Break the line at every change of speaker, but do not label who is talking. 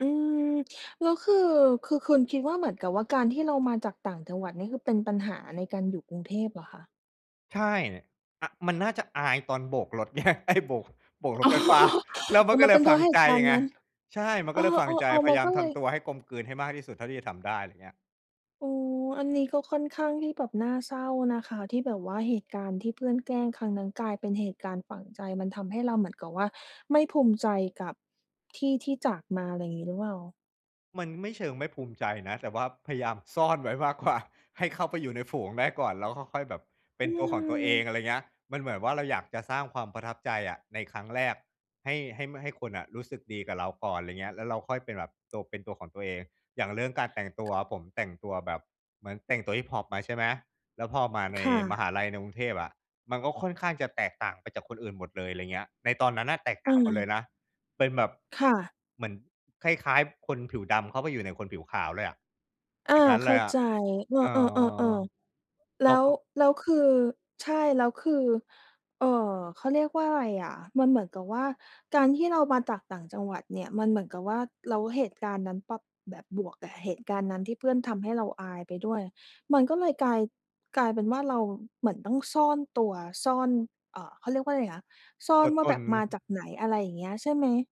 อืม แล้วคือ คือคุณ คิดว่า เหมือนกับว่าการที่เรามาจากต่างจังหวัดนี่ คือเป็นปัญหาในการอยู่กรุงเทพเหรอคะ?
ใช่ อะ มันน่าจะอายตอนโบกรถ ไง ไอ้ โบก โบกร
อ
ถ
๋อ
ไฟฟ้า แล้ว
โ
ม
อ
ั
้
นก็
มั
เ
น
ล
เป
ย
็นเ
ฝ
พร
ั
าะ
ง
เห
ใ
ต
จ
ุการณ์
ไง
นั้น
ใช่ มัน
เอ
ก็
อ
เลยฟังใจ พ
ๆ ๆ ม
ย
ั
า
น
ยา
ก
ม
็เ
ท
ลย
ำตัวให้กลมกลืนให้มากที่สุดเท่าที่จะทำได้ อะไรเงี้ย
โอ้ อันนี้ก็ค่อนข้างที่แบบน่าเศร้านะคะ ที่แบบว่าเหตุการณ์ที่เพื่อนแกล้งครั้งนั้น กลายเป็นเหตุการณ์ฝังใจ มันทำให้เราเหมือนกับว่า ไม่ภูมิใจกับที่ที่จากมา อะไรงี้หรือเปล่า?
มันไม่เชิงไม่ภูมิใจนะ แต่ว่าพยายามซ่อนไว้ มากกว่า ให้เข้าไปอยู่ในฝูงได้ก่อน แล้วค่อย ๆ แบบเป็
อ
น
ื
ตัวของตัวเอง
ม
อะไรอย่างเงี้ย มันเหมือนว่า เราอยากจะสร้างความประทับใจอะในครั้งแรก ให้ ให้ ม ให้คนอะรู้สึกดีกับเราก่อน อะไรเงี้ย แล้วเราค่อยเป็นแบบ โต เป็นตัวของตัวเอง อย่างเรื่องการแต่งตัว ผมแต่งตัวแบบ เหมือนแต่งตัวฮิปฮอปมา ใช่ไหม แล้วพอมาใน
ค่
มหา
ะ
ลัยในกรุงเทพอะ มันก็ค่อนข้างจะแตกต่างไปจากคนอื่นหมดเลย อะไรอย่างเงี้ย ในตอนนั้นน่ะแตกต่
อ
า
า
งหมดเลยนะ เป็นแบบ
ค่ะ
เหมือนคล้าย ๆ คนผิวดำเข้าไปอยู่ในคนผิวขาวเลยอะ
อ
อย่
า
างงั้น
เ
เ
ข
ล
้า
ยอะ
ใจ เอ
เอ
อ
อ
ๆ ๆ ๆ แ
เ
ล
รา
้ว
ก็
แล้วคือ ใช่ แล้วคือ เอ่อ เขาเรียกว่าอะไรอะ มันเหมือนกับว่า การที่เรามาจากต่างจังหวัดเนี่ย มันเหมือนกับว่า แล้วเหตุการณ์นั้นปั๊บ แบบบวก แต่เหตุการณ์นั้นที่เพื่อนทำให้เราอายไปด้วย มันก็เลยกลาย กลายเป็นว่า เราเหมือนต้องซ่อนตัว ซ่อน เอ่อ เขาเรียกว่าอะไรนะ ซ่
ต
อ
ั
น
ว
ว
ต
่าแบ
น
บมาจากไหน อะไรอย่างเงี้ย ใช่ไหม?